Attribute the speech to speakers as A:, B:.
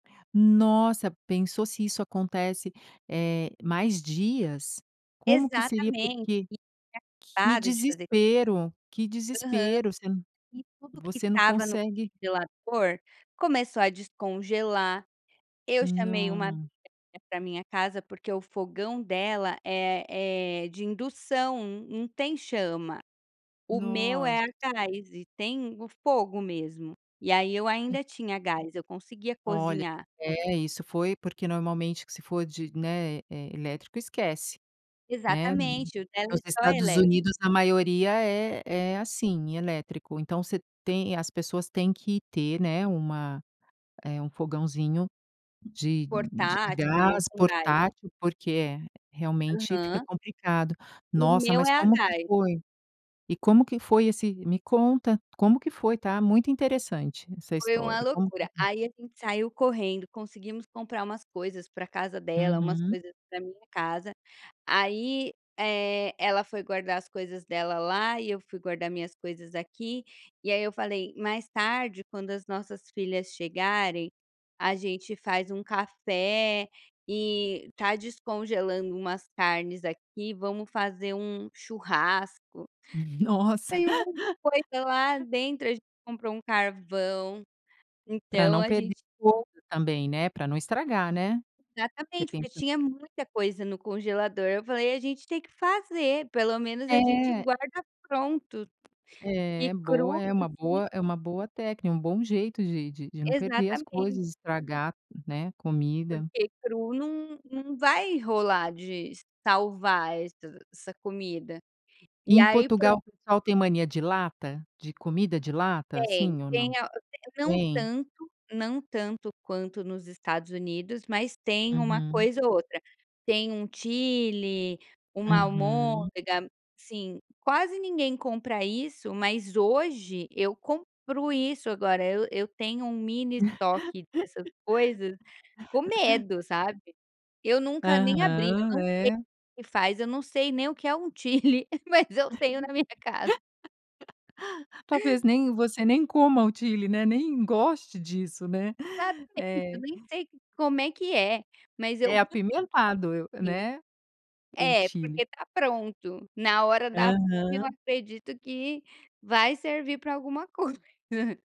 A: Nossa, pensou se isso acontece, eh, mais dias, como que seria?
B: Exatamente,
A: Porque,
B: [unintelligible]
A: que
B: para de fazer.
A: desespero, que
B: Aham.
A: desespero, você
B: E tudo que
A: você não
B: estava no
A: consegue
B: congelador, começou a descongelar, eu chamei uma amiga
A: Não.
B: pra minha casa, porque o fogão dela é é de indução, não tem chama, o meu
A: Nossa.
B: é a gás e tem o fogo mesmo, e aí eu
A: Hum.
B: ainda tinha gás, eu conseguia
A: Olha,
B: cozinhar.
A: é isso foi porque normalmente, que se for de, né, eh, elétrico esquece, né, nos
B: Exatamente, o dela é só
A: Estados
B: elétrico.
A: Unidos a maioria é é, assim, elétrico, então, você tem as pessoas, têm que ter, né, uma eh, um fogãozinho de de a
B: Portátil ou
A: gás,
B: com gás.
A: portátil, porque é realmente fica
B: Aham.
A: complicado,
B: O
A: nossa,
B: meu
A: mas
B: é a
A: como que
B: gás.
A: foi, e como que foi esse me conta como que foi tá muito interessante essa
B: Foi uma
A: história como que
B: loucura, aí a gente saiu correndo, conseguimos comprar umas coisas pra casa dela, umas
A: Uhum.
B: coisas pra minha casa, aí, eh, ela foi guardar as coisas dela lá, e eu fui guardar minhas coisas aqui, e aí eu falei: "Mais tarde quando as nossas filhas chegarem, a gente faz um café e tá descongelando umas carnes aqui, vamos fazer um churrasco".
A: Nossa.
B: Saiu muita coisa lá dentro, a gente comprou um carvão,
A: Pra
B: então
A: não
B: a
A: perder
B: gente
A: o outro também, né, pra não estragar, né, você
B: Exatamente, porque
A: pensa
B: tinha muita coisa no congelador, eu falei: "A gente tem que fazer, pelo menos a gente
A: É.
B: guarda pronto, e
A: É, boa,
B: cru".
A: é uma
B: [unintelligible]
A: boa é uma boa técnica, um bom jeito de de de não perder as
B: Exatamente.
A: coisas estragar, né, comida.
B: Porque cru não não vai rolar de salvar essa essa comida,
A: E
B: e
A: em
B: aí
A: Portugal, o
B: pronto.
A: pessoal tem mania de lata, de comida de lata?
B: Tem,
A: Sim ou não?
B: tem a não
A: Tem?
B: tanto, não tanto quanto nos Estados Unidos, mas tem uma
A: Uhum.
B: coisa ou outra, tem um Chilli, uma
A: Uhum.
B: almôndega sim, quase ninguém compra isso, mas hoje eu compro isso, agora eu eu tenho um mini estoque dessas coisas, com medo, sabe. Eu nunca nem abri, eu
A: Aham,
B: não sei o
A: é.
B: que que faz, eu não sei nem o que é um chilli, mas eu tenho na minha casa.
A: Talvez nem você nem coma o Chilli, né, nem goste disso né?
B: Exatamente, eu
A: É.
B: nem sei como é que é, mas eu
A: É apimentado eu
B: Sim.
A: né, o
B: É
A: Chilli.
B: porque tá pronto, na hora da fome, eu
A: Aham.
B: acredito que vai servir pra alguma coisa.